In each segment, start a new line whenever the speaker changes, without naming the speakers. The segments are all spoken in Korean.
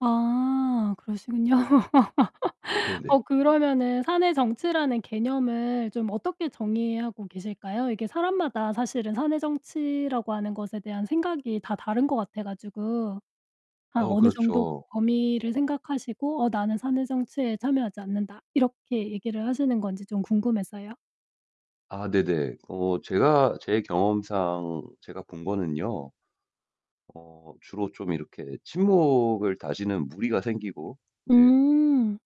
아 그러시군요.
네네.
어 그러면은 사내 정치라는 개념을 좀 어떻게 정의하고 계실까요? 이게 사람마다 사실은 사내 정치라고 하는 것에 대한 생각이 다 다른 것 같아 가지고. 아
어
어느 정도
그렇죠.
범위를 생각하시고 어 "나는 사내 정치에 참여하지 않는다." 이렇게 얘기를 하시는 건지 좀 궁금해서요.
아 네네. 어 제가 제 경험상 제가 본 거는요. 어 주로 좀 이렇게 친목을 다지는 무리가 생기고 인제
음.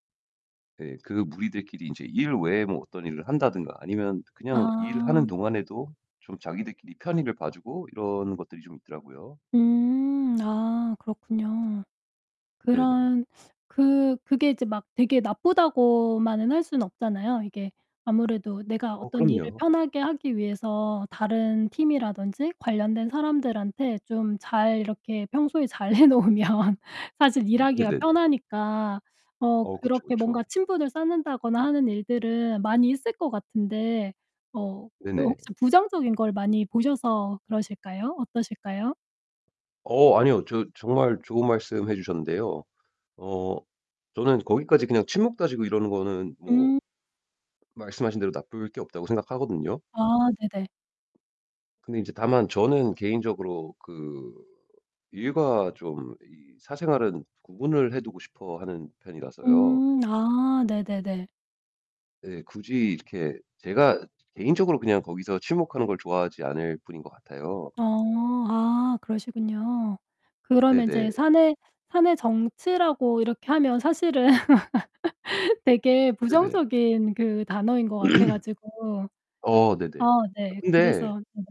네 그 무리들끼리 인제 일 외에 뭐 어떤 일을 한다든가 아니면 그냥 일하는
아.
동안에도 좀 자기들끼리 편의를 봐주고 이런 것들이 좀 있더라고요.
음. 아 그렇군요.
네네.
그런 그 그게 이제 막 되게 나쁘다고만은 할 수는 없잖아요. 이게 아무래도 내가
어
어떤 일을
그럼요.
편하게 하기 위해서 다른 팀이라든지 관련된 사람들한테 좀 잘 이렇게 평소에 잘 해 놓으면 사실
음
일하기가
네네네.
편하니까 어
어 그쵸
그렇게 뭔가
그쵸.
친분을 쌓는다거나 하는 일들은 많이 있을 것 같은데 어 그
네네.
혹시 부정적인 걸 많이 보셔서 그러실까요? 어떠실까요?
어 아니요. 저 정말 좋은 말씀 해주셨는데요. 어 저는 거기까지 그냥 친목 다지고 이러는 거는 뭐
음.
말씀하신 대로 나쁠 게 없다고 생각하거든요.
아 네네.
근데 이제 다만 저는 개인적으로 그 일과 좀 이 사생활은 구분을 해두고 싶어 하는 편이라서요.
음. 아 네네네.
네 굳이 이렇게 제가 개인적으로 그냥 거기서 친목하는 걸 좋아하지 않을 뿐인 것 같아요.
어. 아 그러시군요. 그러면
네네.
인제 사내 사내 정치라고 이렇게 하면 사실은 되게
네네.
부정적인 그 단어인 것 같아 가지고.
어
아
네네.
네.
근데
그래서 네네.